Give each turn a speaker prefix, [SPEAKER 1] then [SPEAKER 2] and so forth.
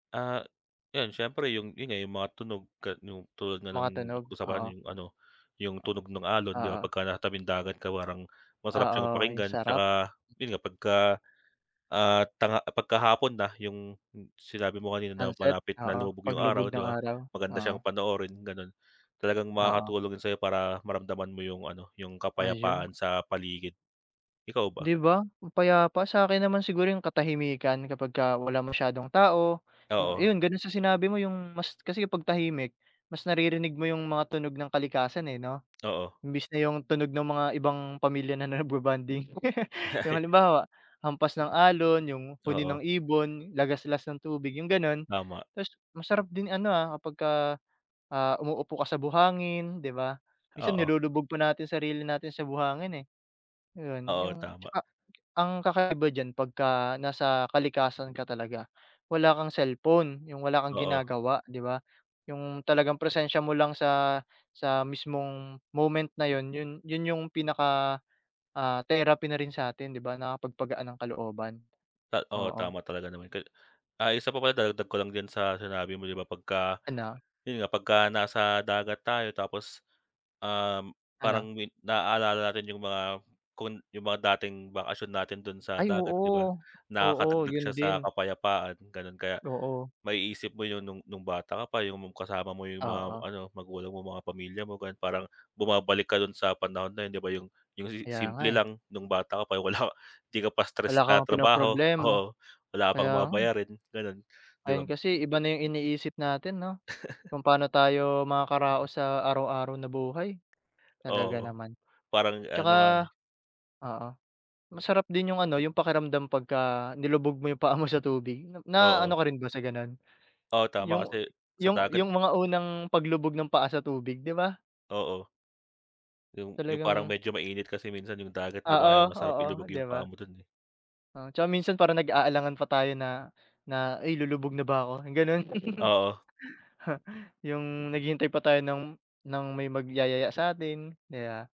[SPEAKER 1] Ah yun, siyempre yung yun nga yung mga tunog ka nu tulad nga
[SPEAKER 2] Mga
[SPEAKER 1] nung
[SPEAKER 2] tunog,
[SPEAKER 1] usapan natin,
[SPEAKER 2] oo.
[SPEAKER 1] yung ano, yung tunog nung alon di ba
[SPEAKER 2] Oo.
[SPEAKER 1] pag natabing dagat ka parang masarap siyang
[SPEAKER 2] Oo, yung
[SPEAKER 1] pakinggan,
[SPEAKER 2] sarap.
[SPEAKER 1] tsaka yun nga pagka, ah, tang ah, pagkahapon na yung sinabi mo kanina na
[SPEAKER 2] Sunset,
[SPEAKER 1] malapit na
[SPEAKER 2] oo
[SPEAKER 1] lumubog 'yung
[SPEAKER 2] paglubog
[SPEAKER 1] araw 'di
[SPEAKER 2] ng
[SPEAKER 1] ba?
[SPEAKER 2] araw,
[SPEAKER 1] Maganda
[SPEAKER 2] oo.
[SPEAKER 1] siyang panoorin ganon, talagang
[SPEAKER 2] Oo.
[SPEAKER 1] makakatulong yun sa'yo para maramdaman mo yung ano yung
[SPEAKER 2] Ayun.
[SPEAKER 1] kapayapaan sa paligid. Ikaw ba?
[SPEAKER 2] 'Di ba ang payapa, sa 'kin naman siguro yung katahimikan kapagka wala masyadong tao, yung
[SPEAKER 1] Oo.
[SPEAKER 2] yun ganun sa sinabi mo yung mas kasi pag tahimik mas naririnig mo yung mga tunog ng kalikasan eh no?
[SPEAKER 1] Oo.
[SPEAKER 2] Imbis na yung tunog ng mga ibang pamilya na nagbo-bonding,
[SPEAKER 1] Ah
[SPEAKER 2] yung
[SPEAKER 1] ay.
[SPEAKER 2] halimbawa hampas ng alon, yung huni
[SPEAKER 1] Oo.
[SPEAKER 2] ng ibon, lagaslas ng tubig yung ganun.
[SPEAKER 1] Tama.
[SPEAKER 2] Tas masarap din ano, ah, kapagka, ah, umuupo ka sa buhangin 'di ba? Minsan
[SPEAKER 1] Oo.
[SPEAKER 2] nilulubog pa natin sarili natin sa buhangin eh. Yun,
[SPEAKER 1] Oo
[SPEAKER 2] yung at
[SPEAKER 1] tama.
[SPEAKER 2] saka ang kakaiba diyan, pagka nasa kalikasan ka talaga wala kang cellphone yung wala kang
[SPEAKER 1] Oo.
[SPEAKER 2] ginagawa, 'di ba? Yung talagang presensya mo lang sa sa mismong moment na yun, 'yun yun yung pinaka ah therapy na rin sa'tin di ba, nakakapagpagaan ng kalooban.
[SPEAKER 1] Ta oo
[SPEAKER 2] Oo.
[SPEAKER 1] tama talaga naman ka ay isa pa pala dadagdag ko lang din sa sinabi mo di ba pagka,
[SPEAKER 2] Ano.
[SPEAKER 1] yun nga pagka nasa dagat tayo tapos, um,
[SPEAKER 2] Ano.
[SPEAKER 1] parang win nalala natin yung mga kun yung mga dating bakasyon natin dun sa
[SPEAKER 2] Ay
[SPEAKER 1] dagat, 'di ba?
[SPEAKER 2] oo, oo
[SPEAKER 1] Nakakadagdag
[SPEAKER 2] yun
[SPEAKER 1] siya sa
[SPEAKER 2] din.
[SPEAKER 1] kapayapaan ganon, kaya
[SPEAKER 2] Oo.
[SPEAKER 1] maiisip mo yun nung nung bata ka pa yung kasama mo, yung mga
[SPEAKER 2] Oo.
[SPEAKER 1] ano magulang mo, mga pamilya mo, ganun. Parang bumabalik ka dun sa panahon na yun, di ba, yung yung si
[SPEAKER 2] Kaya nga
[SPEAKER 1] simple
[SPEAKER 2] eh.
[SPEAKER 1] lang nung bata ka pa, wala di ka pa stress
[SPEAKER 2] Wala
[SPEAKER 1] sa
[SPEAKER 2] kang
[SPEAKER 1] trabaho,
[SPEAKER 2] pinoproblema,
[SPEAKER 1] oo, wala pang
[SPEAKER 2] kaya
[SPEAKER 1] mga
[SPEAKER 2] nga eh.
[SPEAKER 1] bayarin ganon. 'Di ba
[SPEAKER 2] Ngayon
[SPEAKER 1] bo
[SPEAKER 2] kasi iba na yung iniisip natin no, kung paano tayo makakaraos sa araw-araw na buhay, talaga
[SPEAKER 1] Oo
[SPEAKER 2] naman.
[SPEAKER 1] parang ano nga
[SPEAKER 2] 'Tsaka
[SPEAKER 1] eh.
[SPEAKER 2] oo masarap din yung ano yung pakiramdam pagka nilubog mo yung paa mo sa tubig, na
[SPEAKER 1] Oo.
[SPEAKER 2] ano ka rin ba sa ganun?
[SPEAKER 1] Oo tama
[SPEAKER 2] 'Yung
[SPEAKER 1] kasi sa
[SPEAKER 2] yung
[SPEAKER 1] dagat,
[SPEAKER 2] yung mga unang paglubog ng paa sa tubig 'di ba?
[SPEAKER 1] Oo. 'Yung yung parang
[SPEAKER 2] Talagang
[SPEAKER 1] medyo mainit kasi minsan yung dagat 'di
[SPEAKER 2] Oo,
[SPEAKER 1] ba, kaya masarap
[SPEAKER 2] oo,
[SPEAKER 1] ilubog
[SPEAKER 2] di
[SPEAKER 1] yung
[SPEAKER 2] ba?
[SPEAKER 1] paa mo dun eh.
[SPEAKER 2] O, tsaka minsan parang nag-aalangan pa tayo na na ay lulubog na ba ako, yung ganun.
[SPEAKER 1] Oo.
[SPEAKER 2] Ha, yung naghihintay pa tayo ng ng may magyayaya sa'tin, aya